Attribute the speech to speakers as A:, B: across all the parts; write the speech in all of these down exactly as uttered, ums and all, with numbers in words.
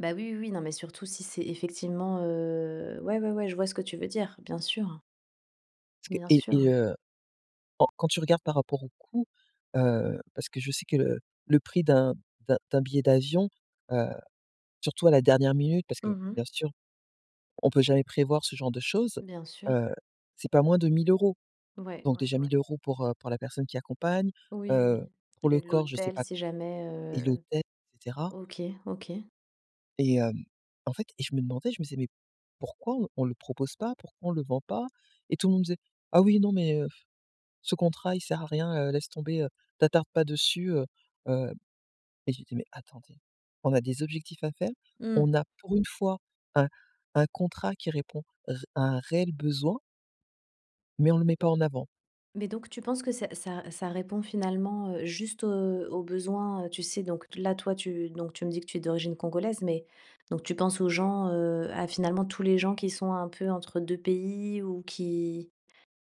A: Bah oui, oui, oui, non, mais surtout si c'est effectivement, heu ouais, ouais, ouais, je vois ce que tu veux dire, bien sûr.
B: Parce que
A: Bien
B: et et
A: sûr.
B: heu, quand quand tu regardes par rapport au coût, heu, parce que je sais que le le prix d'un d'un d'un billet d'avion, heu, surtout à la dernière minute, parce que
A: Mmh
B: bien
A: mh.
B: sûr, on peut jamais prévoir ce genre de choses,
A: Bien sûr.
B: heu, c'est pas moins de mille euros.
A: Ouais,
B: Donc
A: ouais,
B: déjà
A: ouais.
B: mille euros pour, heu, pour la personne qui accompagne,
A: Oui,
B: heu,
A: oui, oui,
B: pour le
A: le
B: corps, je sais
A: l'hôtel,
B: pas
A: c'est jamais,
B: et
A: heu
B: l'hôtel, et cetera.
A: OK, OK.
B: Et hem en fait et je me demandais, je me disais: «Mais pourquoi on le propose pas? Pourquoi on le vend pas?». Et tout le monde disait: «Ah oui, non mais, heu, pff. Ce contrat il sert à rien, heu, laisse tomber, heu, t'attarde pas dessus heu, heu». Et je lui dis: «Mais attendez, on a des objectifs à faire, on
A: Mmh.
B: a pour une fois un un contrat qui répond ré à un réel besoin» «mais on le met pas en avant.»
A: Mais donc tu penses que ça ça ça répond finalement, heu, juste, heu, aux besoins, heu, tu sais, donc là, toi tu donc tu me dis que tu es d'origine congolaise, mais donc tu penses aux gens heu, à finalement tous les gens qui sont un peu entre deux pays, ou qui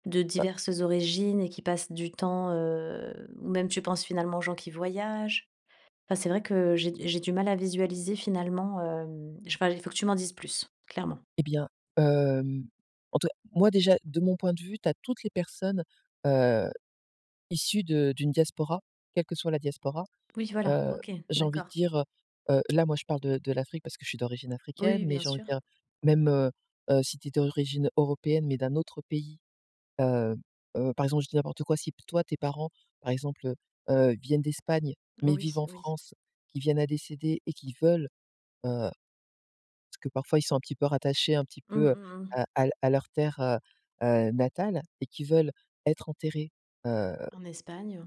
A: de diverses origines et qui passent du temps heu, ou même tu penses finalement aux gens qui voyagent? Enfin c'est vrai que j'ai d j'ai du mal à visualiser finalement, hem je sais pas il faut que tu m'en dises plus. Clairement.
B: Eh bien, hem, en tous cas moi déjà, de mon point de vue, tu as toutes les personnes, heu, issues de d'une diaspora, quelle que soit la diaspora.
A: Oui, voilà,
B: Heu,
A: OK.
B: j'ai envie de
A: D'accord.
B: dire, heu heu, là moi je parle de de l'Afrique parce que je suis d'origine
A: Oui,
B: africaine,
A: oui,
B: mais
A: bien
B: j'ai envie de
A: sûr.
B: dire, même heu, heu, si tu es d'origine européenne, mais d'un autre pays. Heu, heu, par exemple, je dis n'importe quoi, si toi tes parents, par exemple, heu, heu, viennent d'Espagne, mais
A: Oui,
B: vivent en
A: oui.
B: France, qu'ils viennent à décéder et qu'ils veulent, heu, parce que parfois ils sont un petit peu rattachés, un petit
A: Mmh,
B: peu, heu,
A: mmh, mmh.
B: à à l à leur terre, heu, heu, natale et qui veulent être enterrés, heu
A: En Espagne.